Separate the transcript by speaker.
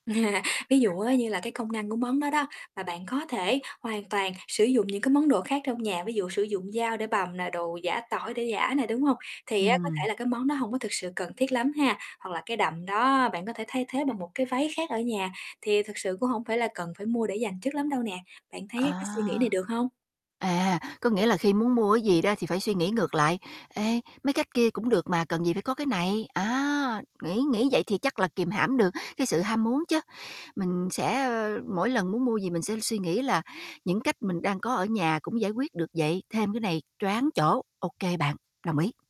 Speaker 1: Ví dụ á như là cái công năng của món đó đó mà bạn có thể hoàn toàn sử dụng những cái món đồ khác trong nhà, ví dụ sử dụng dao để bằm nè, đồ giã tỏi để giã nè, đúng hông? Thì á, có thể
Speaker 2: Ừm.
Speaker 1: là cái món đó hổng có thực sự cần thiết lắm ha, hoặc là cái đầm đó bạn có thể thay thế bằng một cái váy khác ở nhà, thì thực sự cũng hổng phải là cần phải mua để dành trước lắm đâu nè, bạn thấy cái suy nghĩ này
Speaker 2: À.
Speaker 1: được hông?
Speaker 2: À, có nghĩa là khi muốn mua cái gì đó thì phải suy nghĩ ngược lại. Ê, mấy cách kia cũng được mà, cần gì phải có cái này, á, nghĩ nghĩ vậy thì chắc là kìm hãm được cái sự ham muốn chớ. Mình sẽ, ờ, mỗi lần muốn mua gì mình sẽ suy nghĩ là những cách mình đang có ở nhà cũng giải quyết được vậy, thêm cái này choáng chỗ, ô kê bạn, đồng ý.